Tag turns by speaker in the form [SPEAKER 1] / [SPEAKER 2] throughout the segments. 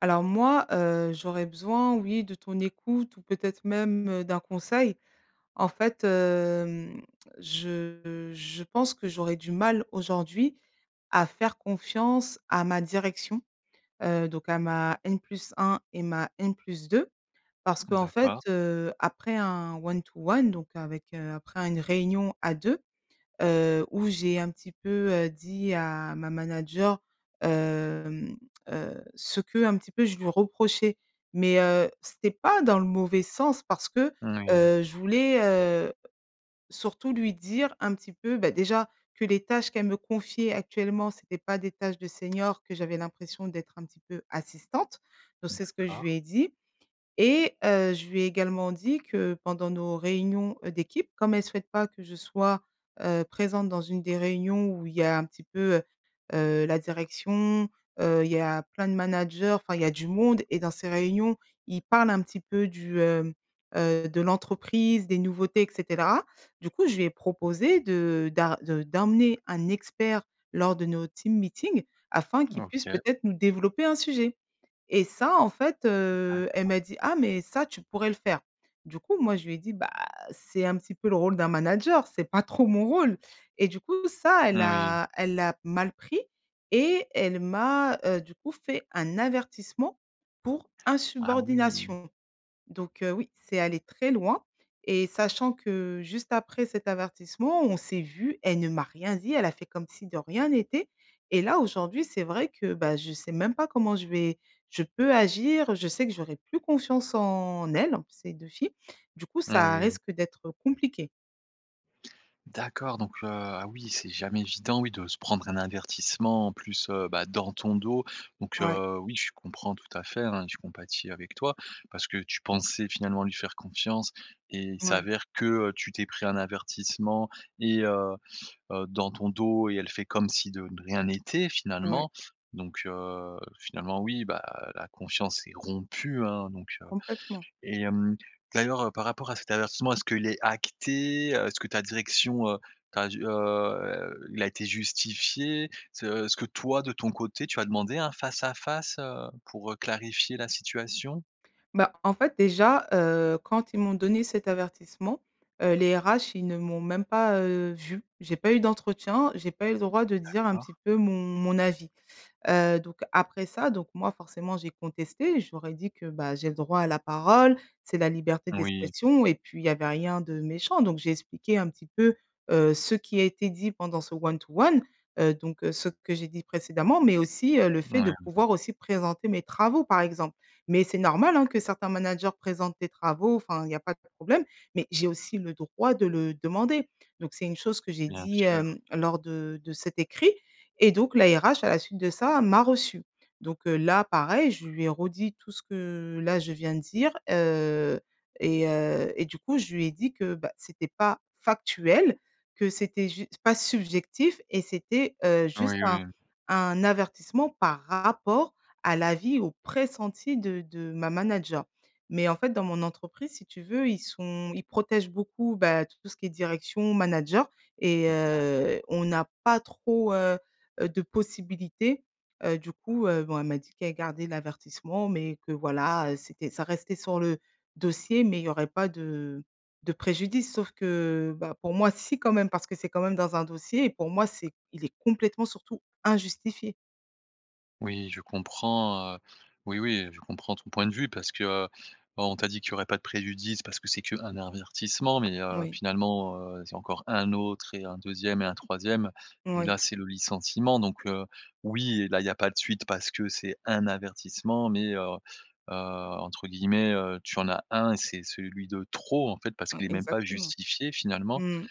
[SPEAKER 1] Alors moi, heu, j'aurais besoin, oui de ton écoute ou peut-être même, heu, d'un conseil. En fait, hem, je je pense que j'aurais du mal aujourd'hui à faire confiance à ma direction. Heu, donc à ma N+ 1 et ma N+ 2. Parce
[SPEAKER 2] Mmh,
[SPEAKER 1] qu'en fait,
[SPEAKER 2] d'accord.
[SPEAKER 1] heu, après un one to one donc avec, heu, après une réunion à 2, heu, où j'ai un petit peu, heu, dit à ma manager, hem, heu, ce qu'un petit peu je lui reprochais. Mais, heu, c'était pas dans le mauvais sens parce que,
[SPEAKER 2] Moui.
[SPEAKER 1] heu, je voulais, heu, surtout lui dire un petit peu bah déjà, que les tâches qu'elle me confiait actuellement, c'était pas des tâches de senior que j'avais l'impression d'être un petit peu assistante. Donc c'est ce que je
[SPEAKER 2] D'accord.
[SPEAKER 1] lui ai dit et heu, je lui ai également dit que pendant nos réunions, heu, d'équipe, comme elle souhaite pas que je sois, heu, présente dans une des réunions où il y a un petit peu, heu heu, la direction, heu, il y a plein de managers, enfin il y a du monde et dans ces réunions, ils parlent un petit peu du, hem, heu, de l'entreprise, des nouveautés et cetera. Du coup je lui ai proposé de d'ar de d'emmener un expert lors de nos team meeting, afin qu'il puisse
[SPEAKER 2] OK.
[SPEAKER 1] peut-être nous développer un sujet et ça, en fait, heu, elle
[SPEAKER 2] D'accord.
[SPEAKER 1] m'a dit: «Ah mais ça tu pourrais le faire». Du coup, moi je lui ai dit: «Bah c'est un petit peu le rôle d'un manager, c'est pas trop mon rôle» et du coup ça, elle
[SPEAKER 2] Moui.
[SPEAKER 1] a elle l'a mal pris et elle m'a, heu, du coup fait un avertissement pour
[SPEAKER 2] Ah oui.
[SPEAKER 1] insubordination. Donc, heu, oui, c'est allé très loin et sachant que juste après cet avertissement, on s'est vues, elle ne m'a rien dit, elle a fait comme si de rien n'était et là, aujourd'hui, c'est vrai que, bah je sais même pas comment je vais je peux agir. Je sais que j'aurai plus confiance en elles, ces 2 filles. Du coup, ça
[SPEAKER 2] Oui.
[SPEAKER 1] risque d'être compliqué.
[SPEAKER 2] D'accord donc, heu, ah oui c'est jamais évident oui de se prendre un avertissement en plus, heu, bah, dans ton dos. Donc,
[SPEAKER 1] Ouais.
[SPEAKER 2] heu, oui je comprends tout à fait, hein, je compatis avec toi. Parce que tu pensais finalement lui faire confiance et il
[SPEAKER 1] Ouais.
[SPEAKER 2] s'avère que, heu, tu t'es pris un avertissement et heu heu, dans ton dos et elle fait comme si de de rien n'était
[SPEAKER 1] Ouais.
[SPEAKER 2] finalement. Donc, heu, finalement oui, bah, la confiance est rompue, hein, donc, heu
[SPEAKER 1] Complètement.
[SPEAKER 2] et hem, d'ailleurs, heu, par rapport à cet avertissement, est-ce qu'il est acté, heu, est-ce que ta direction, heu, t'a di heu il a été justifié, se est-ce que toi de ton côté tu as demandé un face à face, heu, pour, heu, clarifier la situation?
[SPEAKER 1] Bah, en fait déjà, heu, quand ils m'ont donné cet avertissement, heu, les RH ils ne m'ont même pas, heu, vue. J'ai pas eu d'entretien, j'ai pas eu le droit de dire un petit
[SPEAKER 2] D'accord.
[SPEAKER 1] peu mon mon avis. Heu, donc après ça donc moi forcément j'ai contesté et je leur ais dit que, bah, j'ai le droit à la parole, c'est la liberté
[SPEAKER 2] Oui.
[SPEAKER 1] d'expression et puis il y avait rien de méchant donc j'ai expliqué un petit peu, heu, ce qui a été dit pendant ce one to one, heu, donc, heu, ce que j'ai dit précédemment. Mais aussi, heu, le fait
[SPEAKER 2] Ouais,
[SPEAKER 1] de
[SPEAKER 2] ouais.
[SPEAKER 1] pouvoir aussi présenter mes travaux, par exemple. Mais c'est normal, hein, que certains managers présentent des travaux enfin il y a pas de problème. Mais j'ai aussi le droit de le demander. Donc c'est une chose que j'ai
[SPEAKER 2] Bien
[SPEAKER 1] dit,
[SPEAKER 2] sûr.
[SPEAKER 1] hem, lors de de cet écrit et donc la RH à la suite de ça m'a reçue. Donc, heu, là pareil, je lui ai redit tout ce que là je viens de dire, heu et heu et du coup je lui ai dit que, bah, c'était pas factuel, que c'était jus pas subjectif et c'était, heu, juste
[SPEAKER 2] Oui
[SPEAKER 1] un
[SPEAKER 2] oui.
[SPEAKER 1] un avertissement par rapport à l'avis au pressenti de de ma manager. Mais en fait, dans mon entreprise si tu veux ils sont ils protègent beaucoup, bah, tout ce qui est direction, manager et
[SPEAKER 2] D'accord.
[SPEAKER 1] heu, on n'a pas trop, heu heu, de possibilité, heu, du coup, heu, bon elle m'a dit qu'elle gardait l'avertissement mais que voilà, heu, c'était ça restait sur le dossier mais il n'y aurait pas de de préjudice. Sauf que, bah, pour moi si quand même, parce que c'est quand même dans un dossier et pour moi c'est il est complètement surtout injustifié.
[SPEAKER 2] Oui je comprends, heu, oui, oui, heu, je comprends ton point de vue. Parce que, heu, bah, on t'a dit qu'il y aurait pas de préjudice, parce que c'est qu'un avertissement. Mais, heu,
[SPEAKER 1] Moui.
[SPEAKER 2] finalement, heu, c'est encore 1 autre et un 2e et un 3e et là
[SPEAKER 1] Oui.
[SPEAKER 2] c'est le licenciement. Donc, heu, oui là il y a pas de suite parce que c'est un avertissement mais, heu heu, entre guillemets, heu, tu en as 1 et c'est celui de trop en fait. Parce
[SPEAKER 1] Hein,
[SPEAKER 2] qu'il est même pas
[SPEAKER 1] exactement.
[SPEAKER 2] justifié finalement
[SPEAKER 1] Mmh.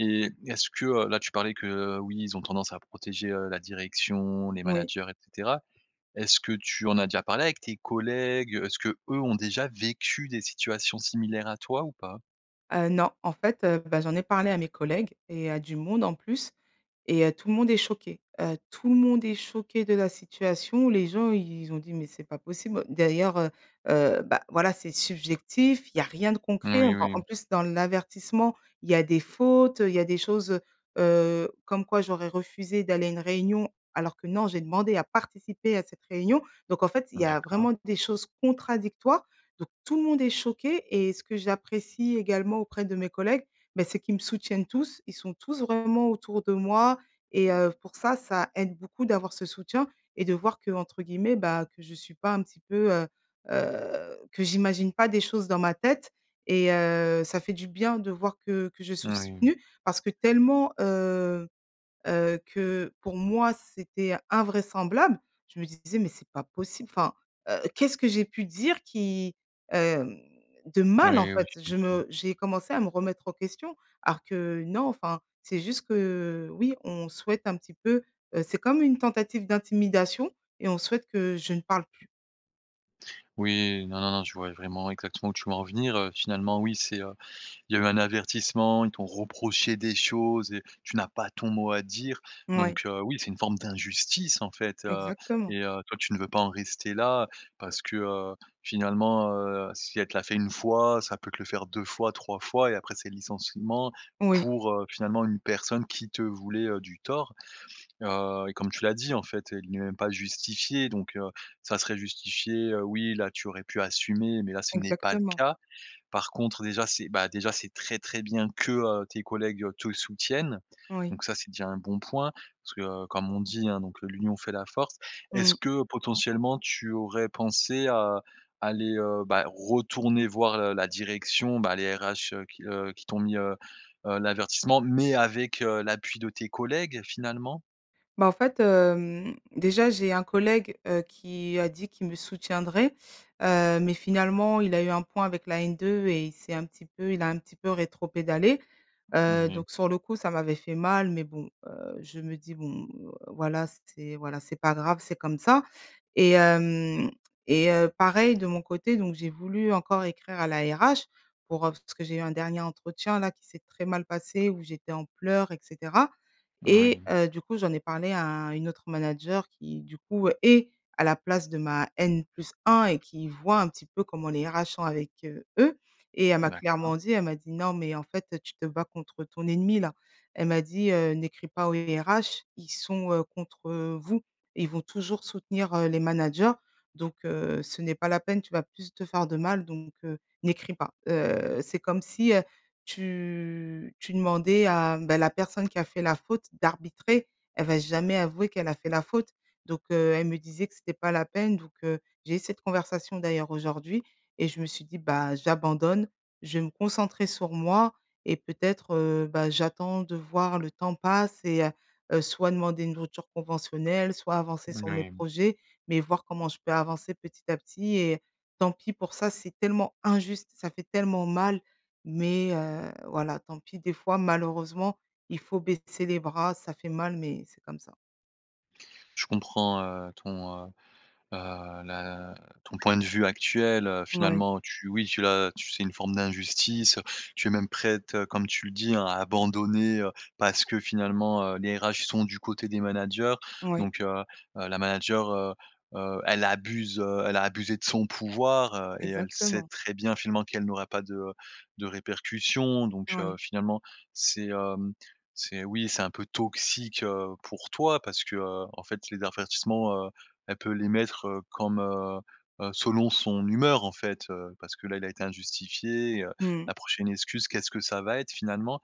[SPEAKER 2] et est-ce que, heu, là tu parlais que, heu: «Oui ils ont tendance à protéger, heu, la direction, les
[SPEAKER 1] Moui.
[SPEAKER 2] managers et cetera». Est-ce que tu en as déjà parlé avec tes collègues, heu, est-ce que, eux, ont déjà vécu des situations similaires à toi ou pas?
[SPEAKER 1] Heu, non. En fait, heu, bah, j'en ai parlé à mes collègues et à du monde en plus et heu, tout le monde est choqué. Heu, tout le monde est choqué de la situation, les gens ils ont dit: «Mais c'est pas possible». D'ailleurs, heu heu, bah, voilà, c'est subjectif, il y a rien de concret.
[SPEAKER 2] Moui
[SPEAKER 1] En
[SPEAKER 2] oui,
[SPEAKER 1] en
[SPEAKER 2] mmh.
[SPEAKER 1] plus dans l'avertissement, il y a des fautes, heu, il y a des choses, heu heu, comme quoi j'aurais refusé d'aller à une réunion. Alors que non, j'ai demandé à participer à cette réunion. Donc en fait, il y a vraiment
[SPEAKER 2] D'accord.
[SPEAKER 1] des choses contradictoires. Donc tout le monde est choqué et ce que j'apprécie également auprès de mes collègues, bah, c'est qu'ils me soutiennent tous, ils sont tous vraiment autour de moi et heu, pour ça, ça aide beaucoup d'avoir ce soutien et de voir qu'entre guillemets, bah, que je suis pas un petit peu, heu heu que j'imagine pas des choses dans ma tête et heu, ça fait du bien de voir que que je suis
[SPEAKER 2] Moui.
[SPEAKER 1] soutenue. Parce que tellement, heu heu, que pour moi c'était invraisemblable, je me disais: «Mais c'est pas possible, enfin, heu, qu'est-ce que j'ai pu dire qui, hem de mal en
[SPEAKER 2] Oui, oui,
[SPEAKER 1] fait?» Je
[SPEAKER 2] j'imagine.
[SPEAKER 1] me j'ai commencé à me remettre en question. Alors que non, enfin c'est juste que oui, on souhaite un petit peu, heu c'est comme une tentative d'intimidation et on souhaite que je ne parle plus.
[SPEAKER 2] Oui. Non, non, non, je vois vraiment exactement où tu veux en venir, heu. Finalement oui c'est heu, il y a eu un avertissement, ils t'ont reprochées des choses et tu n'as pas ton mot à dire.
[SPEAKER 1] Moui.
[SPEAKER 2] Donc, heu, oui, c'est une forme d'injustice en fait, heu
[SPEAKER 1] Exactement.
[SPEAKER 2] et heu, toi tu ne veux pas en rester là. Parce que, heu, finalement, heu, si elle te l'a fait 1 fois, ça peut te le faire 2 fois 3 fois et après c'est le licenciement,
[SPEAKER 1] Oui.
[SPEAKER 2] pour, heu, finalement 1 personne qui te voulait, heu, du tort. Heu et comme tu l'as dit en fait: «Il n'est même pas justifié» donc, heu, ça serait justifié, heu, oui, là tu aurais pu assumer mais là ce n'est pas le
[SPEAKER 1] Exactement.
[SPEAKER 2] cas. Par contre déjà c'est bah, déjà c'est très, très bien que, heu, tes collègues, heu, te soutiennent.
[SPEAKER 1] Oui.
[SPEAKER 2] Donc ça, c'est déjà 1 bon point. Parce que comme on dit hein, donc, heu: «l'union fait la force».
[SPEAKER 1] Mmh
[SPEAKER 2] Est-ce
[SPEAKER 1] mh.
[SPEAKER 2] que potentiellement tu aurais pensé à aller, heu, bah, retourner voir, heu, la direction, bah, les RH, heu, qui, heu, qui t'ont mis, heu heu, l'avertissement, mais avec, heu, l'appui de tes collègues finalement?
[SPEAKER 1] Bah, en fait, hem, déjà j'ai un collègue, heu, qui a dit qu'il me soutiendrait. Heu, mais finalement il a eu un point avec la N2 et il s'est un petit peu il a un petit peu rétropédalé. Heu,
[SPEAKER 2] Moui.
[SPEAKER 1] donc sur le coup ça m'avait fait mal. Mais bon, heu, je me dis: «Bon, heu, voilà, c'est, voilà, c'est pas grave, c'est comme ça» et hem et heu, pareil de mon côté donc j'ai voulu encore écrire à la RH, pour heu parce que j'ai eu un dernier entretien là qui s'est très mal passé où j'étais en pleurs et cetera et
[SPEAKER 2] Moui.
[SPEAKER 1] heu, du coup j'en ai parlé à une autre manager qui, du coup, est à la place de ma N+1 et qui voit un petit peu comment les RH sont avec, heu, eux et elle m'a
[SPEAKER 2] D'accord.
[SPEAKER 1] clairement dit, elle m'a dit: «Non mais en fait, heu, tu te bats contre ton ennemi là». Elle m'a dit, heu: «N'écris pas aux RH ils sont, heu, contre vous, ils vont toujours soutenir, heu, les managers donc, heu, ce n'est pas la peine, tu vas plus te faire de mal donc, heu, n'écris pas». Heu, c'est comme si, heu, tu tu demandais à, bah, la personne qui a fait la faute d'arbitrer, elle va jamais avouer qu'elle a fait la faute. Donc, heu, elle me disait que c'était pas la peine donc, heu, j'ai eu cette conversation d'ailleurs aujourd'hui et je me suis dit: «Bah j'abandonne, je vais me concentrer sur moi et peut-être, heu, bah, j'attends de voir le temps passe et heu heu, soit demander une rupture conventionnelle soit avancer sur mes
[SPEAKER 2] Moui.
[SPEAKER 1] projets». Mais voir comment je peux avancer petit à petit et tant pis pour ça, c'est tellement injuste, ça fait tellement mal. Mais, heu, voilà tant pis des fois, malheureusement, il faut baisser les bras, ça fait mal mais c'est comme ça.
[SPEAKER 2] Je comprends, heu, ton, heu heu, la ton point de vue actuel, heu,
[SPEAKER 1] Ouais.
[SPEAKER 2] finalement tu oui, tu l'as, tu c'est une forme d'injustice, heu, tu es même prête, heu, comme tu le dis, hein, à abandonner, heu, parce que finalement, heu, les RH sont du côté des managers
[SPEAKER 1] Oui.
[SPEAKER 2] donc, heu heu, la manager, heu heu, elle abuse, heu, elle a abusée de son pouvoir, heu et elle sait
[SPEAKER 1] Exactement.
[SPEAKER 2] très bien finalement qu'elle n'aura pas de, heu, de répercussions donc, heu,
[SPEAKER 1] Ouais.
[SPEAKER 2] finalement c'est, hem, c'est oui, c'est un peu toxique, heu, pour toi. Parce que, heu, en fait, les avertissements, heu, elle peut les mettre, heu, comme, heu heu, selon son humeur en fait, heu, parce que là, il a été injustifié, heu,
[SPEAKER 1] Mmh mh.
[SPEAKER 2] la prochaine excuse, qu'est-ce que ça va être finalement?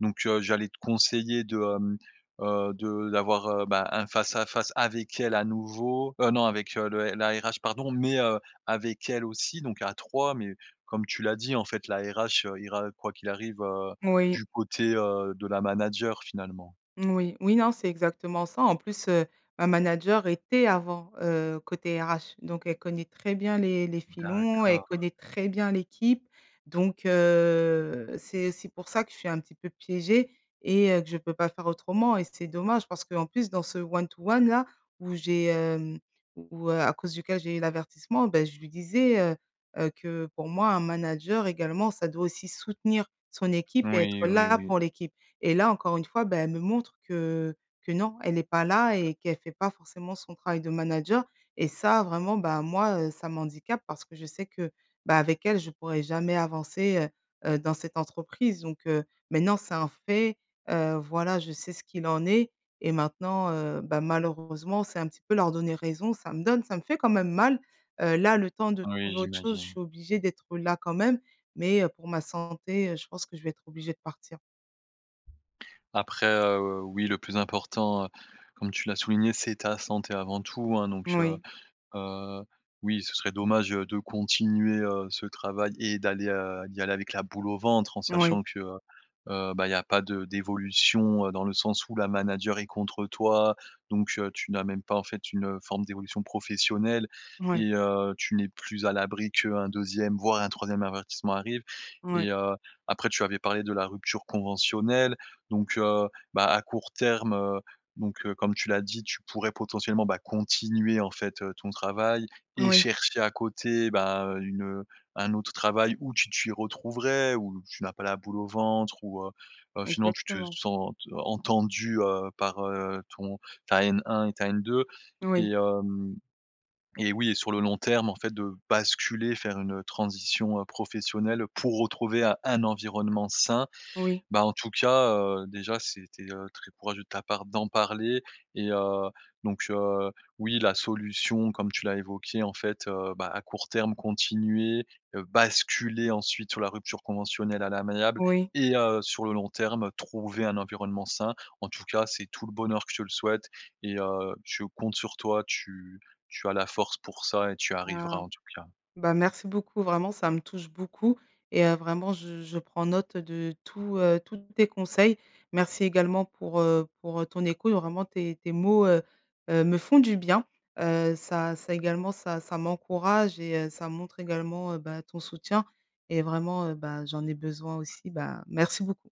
[SPEAKER 2] Donc, heu, j'allais te conseiller de, hem, heu, de d'avoir, heu, bah un face à face avec elle à nouveau, heu, non avec, heu, le la RH, pardon, mais heu, avec elle aussi, donc à 3. Mais comme tu l'as dit, en fait, la RH, heu, ira, heu, quoi qu'il arrive, heu,
[SPEAKER 1] Moui.
[SPEAKER 2] du côté, heu, de la manager, finalement.
[SPEAKER 1] Moui. Oui, non, c'est exactement ça. En plus, heu, ma manager était avant, heu, côté RH donc elle connaît très bien les les filons, elle
[SPEAKER 2] D'accord.
[SPEAKER 1] connaît très bien l'équipe donc, heu, c'est aussi pour ça que je suis un petit peu piégée et heu, que je peux pas faire autrement et c'est dommage parce qu'en plus dans ce one to one là où j'ai, hem, où, heu, à cause duquel j'ai eu l'avertissement, bah je lui disais, heu heu, que pour moi: «Un manager également ça doit aussi soutenir son équipe et être
[SPEAKER 2] Oui, oui,
[SPEAKER 1] là
[SPEAKER 2] oui.
[SPEAKER 1] pour l'équipe» et là, encore une fois, bah elle me montre que que non, elle est pas là et qu'elle fait pas forcément son travail de manager et ça vraiment, bah moi, heu, ça m'handicape parce que je sais que, bah avec elle, je pourrais jamais avancer, heu heu, dans cette entreprise donc, heu, maintenant, c'est un fait. Heu, voilà, je sais ce qu'il en est et maintenant, heu, bah malheureusement, c'est un petit peu leur donner raison, ça me donne ça me fait quand même mal, heu, là, le temps de
[SPEAKER 2] Oui,
[SPEAKER 1] trouver autre chose, je
[SPEAKER 2] j'imagine.
[SPEAKER 1] suis obligée d'être, heu, là quand même, mais heu, pour ma santé, heu, je pense que je vais être obligée de partir.
[SPEAKER 2] Après heu, oui, le plus important, heu, comme tu l'as souligné c'est ta santé avant tout, hein, donc, heu
[SPEAKER 1] Moui.
[SPEAKER 2] heu, oui, ce serait dommage, heu, de continuer, heu, ce travail et d'aller, heu, d'y aller avec «la boule au ventre» en
[SPEAKER 1] Oui.
[SPEAKER 2] sachant que, heu heu, bah il y a pas de d'évolution, heu, dans le sens où la manager est contre toi. Donc, heu, tu n'as même pas en fait, une, heu, forme d'évolution professionnelle
[SPEAKER 1] Ouais.
[SPEAKER 2] et heu, tu n'es plus à l'abri qu'un 2e, voire un 3e avertissement arrive
[SPEAKER 1] Ouais.
[SPEAKER 2] et heu, après tu avais parlé de la rupture conventionnelle, donc, heu, bah à court terme, heu, donc, heu, comme tu l'as dit tu pourrais potentiellement, bah continuer en fait, heu, ton travail et
[SPEAKER 1] Oui.
[SPEAKER 2] chercher à côté, bah une, heu, un autre travail où tu t'y retrouverais, où tu n'as pas «la boule au ventre», où heu heu, finement tu te
[SPEAKER 1] Exactement.
[SPEAKER 2] sentes entendue, heu, par, heu, ton ta N1 et ta N2
[SPEAKER 1] Oui.
[SPEAKER 2] et, hem et oui et sur le long terme en fait de basculer, faire une, heu, transition, heu, professionnelle pour retrouver un un environnement sain.
[SPEAKER 1] Oui.
[SPEAKER 2] Bah en tout cas, heu, déjà c'était, heu, très courageux de ta part d'en parler et heu, donc, heu, oui, la solution comme tu l'as évoquée, en fait, heu, bah à court terme continuer, heu, basculer ensuite sur la rupture conventionnelle à l'amiable
[SPEAKER 1] Oui.
[SPEAKER 2] et heu, sur le long terme trouver un environnement sain. En tout cas, c'est tout le bonheur que je te le souhaite et heu, je compte sur toi tu tu as la force pour ça et tu arriveras
[SPEAKER 1] Ah.
[SPEAKER 2] en tout cas.
[SPEAKER 1] Bah merci beaucoup, vraiment, ça me touche beaucoup et heu, vraiment je je prends note de tout, heu, tous tes conseils. Merci également pour, heu, pour, heu, ton écoute vraiment tes tes mots, heu heu, me font du bien, heu, ça ça également, ça, ça m'encourage et heu, ça montre également, heu, bah ton soutien et vraiment, heu, bah j'en ai besoin aussi, bah merci beaucoup.